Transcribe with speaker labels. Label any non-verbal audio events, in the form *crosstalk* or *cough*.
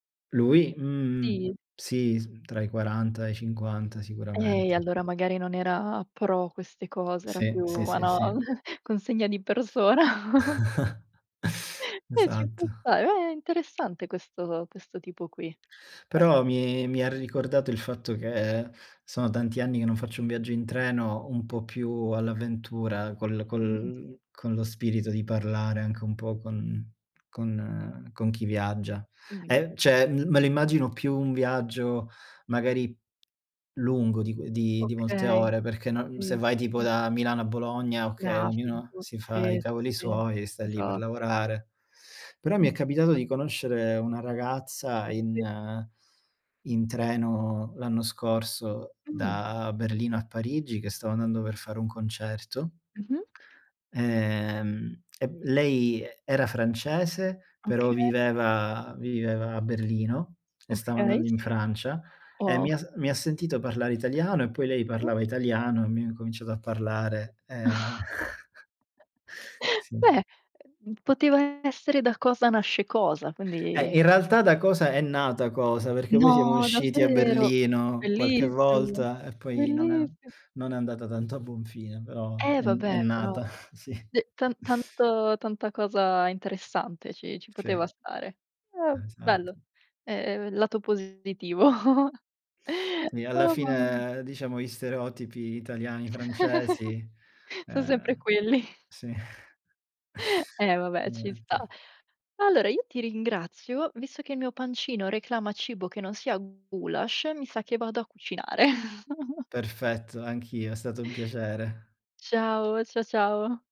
Speaker 1: Lui mhmm
Speaker 2: Sì.
Speaker 1: sì, s tra i 40 e i 50
Speaker 2: E
Speaker 1: sicuramente.
Speaker 2: allora magari non era pro queste cose, era
Speaker 1: Sì,
Speaker 2: più,
Speaker 1: sì, sì, sì.
Speaker 2: *unintelligible* consegna di persona. *chuckles*
Speaker 1: *chuckles*
Speaker 2: Eh, ci può
Speaker 1: Esatto.
Speaker 2: stare, è è interessante, questo questo tipo qui.
Speaker 1: Però,
Speaker 2: *unintelligible*
Speaker 1: mi mi ha ricordato il fatto che, sono tanti anni che non faccio un viaggio in treno, un
Speaker 2: Mh.
Speaker 1: po' più all'avventura, col
Speaker 2: Mh-mh.
Speaker 1: col con lo spirito di parlare, anche un po' con con ehm, con chi viaggia.
Speaker 2: Mh-mh.
Speaker 1: E cioè, l me lo immagino più un viaggio, magari, lungo di qu di di molte
Speaker 2: Okay,
Speaker 1: ore, perché non se
Speaker 2: sì, sì,
Speaker 1: vai tipo
Speaker 2: sì.
Speaker 1: da Milano a Bologna, o
Speaker 2: No
Speaker 1: che ognuno
Speaker 2: figu
Speaker 1: si fa i
Speaker 2: sì, sì,
Speaker 1: cavoli
Speaker 2: sì.
Speaker 1: suoi, e sta lì per
Speaker 2: Esatto.
Speaker 1: lavorare. Però mi è capitato
Speaker 2: Esatto.
Speaker 1: di conoscere 1 ragazza,
Speaker 2: Sì.
Speaker 1: in in treno l'anno scorso
Speaker 2: Mh.
Speaker 1: da Berlino a Parigi, che stava andando per fare un concerto
Speaker 2: Mh-mh.
Speaker 1: ehm, e m lei e era francese, però
Speaker 2: Okay.
Speaker 1: viveva viveva a Berlino, e stava
Speaker 2: Okay,
Speaker 1: andando in
Speaker 2: sì.
Speaker 1: Francia, e mi
Speaker 2: Wow.
Speaker 1: ha s mi ha sentito parlare italiano, e poi lei
Speaker 2: Sì.
Speaker 1: parlava italiano, e abbiamo incominciato a parlare ehm *chuckles*
Speaker 2: *chuckles*
Speaker 1: Sì.
Speaker 2: Beh, ehm, poteva essere: da cosa nasce cosa,
Speaker 1: Eh,
Speaker 2: quindi
Speaker 1: in realtà da cosa è nata cosa, perché poi siamo
Speaker 2: No,
Speaker 1: usciti a
Speaker 2: davvero.
Speaker 1: Berlino, qualche
Speaker 2: Bellissimo,
Speaker 1: volta, e poi non è
Speaker 2: bellissi
Speaker 1: non è andata tanto a buon fine, però
Speaker 2: Eh,
Speaker 1: è n è
Speaker 2: vabbè però,
Speaker 1: nata. *chuckles* Sì.
Speaker 2: d tan tan tanta cosa interessante, ci ci poteva
Speaker 1: Sì.
Speaker 2: stare. Eh, bello,
Speaker 1: Esatto.
Speaker 2: ehm, lato positivo. *chuckles*
Speaker 1: Sì, alla
Speaker 2: Oh, mamma mi
Speaker 1: fine, ehm, diciamo gli stereotipi italiani,
Speaker 2: *chuckles*
Speaker 1: francesi
Speaker 2: Sono sempre
Speaker 1: ehm,
Speaker 2: quelli. *chuckles*
Speaker 1: sì.
Speaker 2: Eh vabbè, ci sta.
Speaker 1: Niente.
Speaker 2: Allora io ti ringrazio, visto che il mio pancino reclama cibo che non sia gulasch, mi sa che vado a cucinare. *chuckles*
Speaker 1: Perfetto, anch'io, è stato un piacere.
Speaker 2: Ciao, cia ciao.